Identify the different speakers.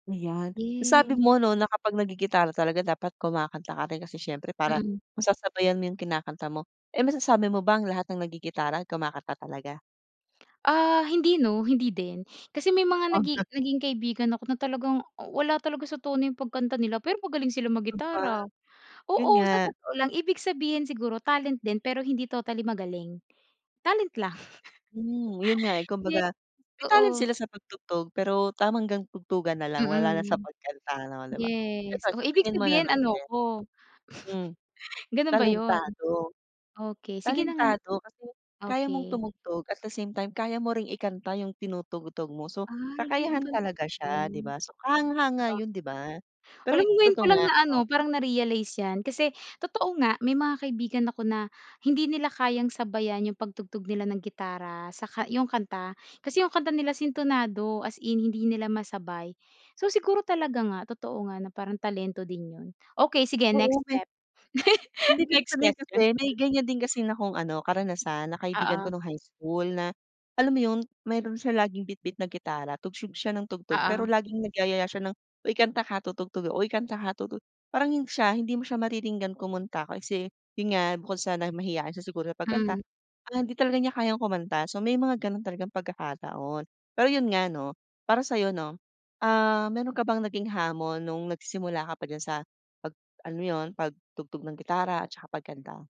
Speaker 1: Ayan, nasabi
Speaker 2: Yes.
Speaker 1: mo no na kapag nag-gigitara talaga dapat kumakanta ka rin kasi siyempre para
Speaker 2: Mm.
Speaker 1: masasabayan mo yung kinakanta mo. Eh, masasabi mo ba ang lahat ng nagitara kumakanta talaga?
Speaker 2: Ah, hindi no, hindi din kasi may mga
Speaker 1: Oh, hu
Speaker 2: nagi naging kaibigan ako na talagang uh wala talaga sa tono yung pagkanta nila. Pero magaling sila
Speaker 1: Di ba?
Speaker 2: mag-gitara.
Speaker 1: Yun
Speaker 2: Oo,
Speaker 1: nga.
Speaker 2: sa totoo lang ibig sabihin siguro talent din pero hindi totally magaling, talent lang.
Speaker 1: Hmm, yun nga eh,
Speaker 2: Ye
Speaker 1: kumbaga may talent
Speaker 2: totoo.
Speaker 1: sila sa pag-tugtog. Pero tama hanggang tugtugan nalang wala na sa
Speaker 2: Mm.
Speaker 1: pagkanta no, di ba? Pero
Speaker 2: Yes, oh,
Speaker 1: sa
Speaker 2: ibig
Speaker 1: tingin mo
Speaker 2: sabihin
Speaker 1: naman
Speaker 2: ano
Speaker 1: din
Speaker 2: ako.
Speaker 1: hmm
Speaker 2: Ganun ba yun?
Speaker 1: talentado
Speaker 2: Okey sige na nga,
Speaker 1: talentado kasi kaya mong
Speaker 2: okey.
Speaker 1: tumugtog, at the same time kaya mo ring ikanta yung tinutugtog mo so
Speaker 2: Ay, ganun
Speaker 1: kakayahan
Speaker 2: pala
Speaker 1: talaga siya, di
Speaker 2: yun,
Speaker 1: ba? So kahanga-hanga
Speaker 2: oh.
Speaker 1: yun di ba? Pero
Speaker 2: Alam
Speaker 1: i
Speaker 2: mo ngayon ko
Speaker 1: totoo
Speaker 2: lang
Speaker 1: nga
Speaker 2: na
Speaker 1: no.
Speaker 2: ano parang na-realize yan kasi totoo nga, may mga kaibigan ako na hindi nila kayang sabayan yung pag-tugtog nila ng gitara saka yung kanta, kasi yung kanta nila sintonado as in hindi nila masabay. So siguro talaga nga totoo nga na parang talento din yun, okey sige
Speaker 1: Oo
Speaker 2: next
Speaker 1: may
Speaker 2: step.
Speaker 1: hindi ibig
Speaker 2: Next
Speaker 1: sabihin kasi
Speaker 2: question.
Speaker 1: may ganyan din kasi na akong ano karanasan na kaibigan
Speaker 2: Oo.
Speaker 1: ko nung high school na alam mo yun, meron siya laging bitbit na gitara tugtog siya ng tugtog, pero
Speaker 2: Oo.
Speaker 1: laging nagyayaya siya ng uy, kanta ka tutugtog ako, uy kanta ka tutu parang hin siya hindi mo siya mariringgan kumunta kasi yun nga bukod sa na mahiyain siya siguro sa pagkanta
Speaker 2: Hmm.
Speaker 1: ah, hindi talaga niya kayang kumanta so may mga ganun talagang pagkakataon. Pero yun nga no, para sayo no, ah, meron ka bang naging hamon nung nagsisimula ka pa diyan sa pag alam mo yun pag-tugtog ng gitara at saka pagkanta?